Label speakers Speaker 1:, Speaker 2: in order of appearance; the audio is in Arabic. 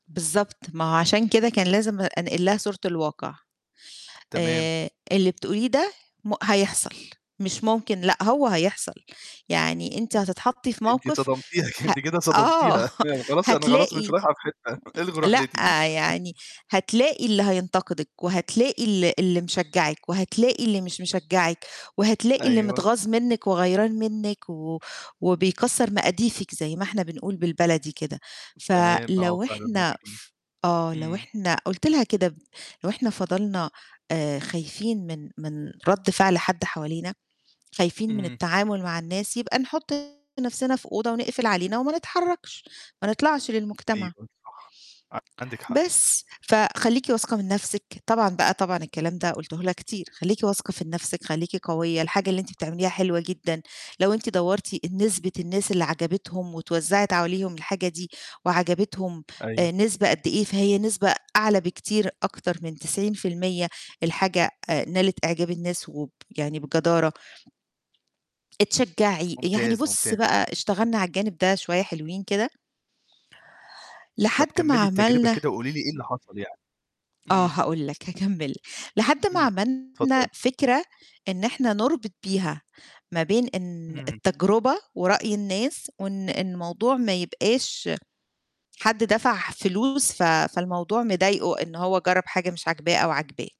Speaker 1: بالضبط، ما هو عشان كده كان لازم أ أنقل لها صورة الواقع.
Speaker 2: تمام.
Speaker 1: آآ، اللي بتقوليه ده م هيحصل مش ممكن لأ، هو هيحصل، يعني أنتِ هتتحطّي في
Speaker 2: أنتِ
Speaker 1: موقِف
Speaker 2: صدمتيها، ك
Speaker 1: هأ
Speaker 2: أنتِ كده
Speaker 1: آه،
Speaker 2: صدمتيها يعني خلاص أنا خلاص مش
Speaker 1: هتلاقي
Speaker 2: رايحه في حتّة الغوا
Speaker 1: لأ،
Speaker 2: رحلتي.
Speaker 1: يعني هتلاقي اللي هينتقدِك وهتلاقي ال اللي مشجّعِك وهتلاقي اللي مش مشجّعِك، وهتلاقي اللي
Speaker 2: أيوه. ت
Speaker 1: متغاظ منِّك وغيرين منِّك و وبيكسّر مقاديفِك زي ما إحنا بنقول بالبلدي كده،
Speaker 2: تمام آه،
Speaker 1: فلو
Speaker 2: فعلًا
Speaker 1: إحنا
Speaker 2: [unintelligible]
Speaker 1: ف آه، لو
Speaker 2: إمم.
Speaker 1: إحنا قُلت لها كده "لو إحنا فضلنا آآ، خايفين من من رَد فعل حد حوالينا، خايفين من
Speaker 2: اهم.
Speaker 1: التعامل مع الناس يبقى نحُط نَفْسنا في أوضة ونقفل علينا وما نتحرّكش ما نطلعش للمجتمع."
Speaker 2: أيوه صح عندِك حق.
Speaker 1: بس فخلّيكِ واثقة من نَفْسِك. طبعًا بقى طبعًا الكلام ده قلته لها كتير، خلّيكِ واثقة في نَفْسِك، خلّيكِ قوية، الحاجة اللي أنتِ بتعمليها حلوة جدًا، لو أنتِ دوّرتِ ال نسبة الناس اللي عَجَبتهم واتوزّعت عليهم الحاجة دي وعَجَبتهم
Speaker 2: أيوه.
Speaker 1: آآ، نسبة قد إيه، فهي نسبة أعلى بكتير أكتر من 90% الحاجة آآ، نالت أعجاب الناس وب يعني بجدارة. اتشجّعي. يعني
Speaker 2: ممتاز،
Speaker 1: بُص
Speaker 2: ممتاز.
Speaker 1: بقى اشتغلنا على الجانب ده شوية حلوين كده.
Speaker 2: طب
Speaker 1: لحد ما
Speaker 2: كمّلي التجربة
Speaker 1: عملنا
Speaker 2: كده وقولي لي إيه اللي حصل يعني.
Speaker 1: آه،
Speaker 2: إمم.
Speaker 1: هاقول لك هاكمّل ل لحد ما
Speaker 2: إمم.
Speaker 1: عملنا
Speaker 2: اتفضّلي.
Speaker 1: فكرة إن إحنا نربط بيها ما بين إن
Speaker 2: اهم.
Speaker 1: التجربة ورأي الناس وإن الموضوع ما يبقاش حد دفع فلوس ف فالموضوع مضايقه إن هو جرّب حاجة مش عاجباه أو عاجباه.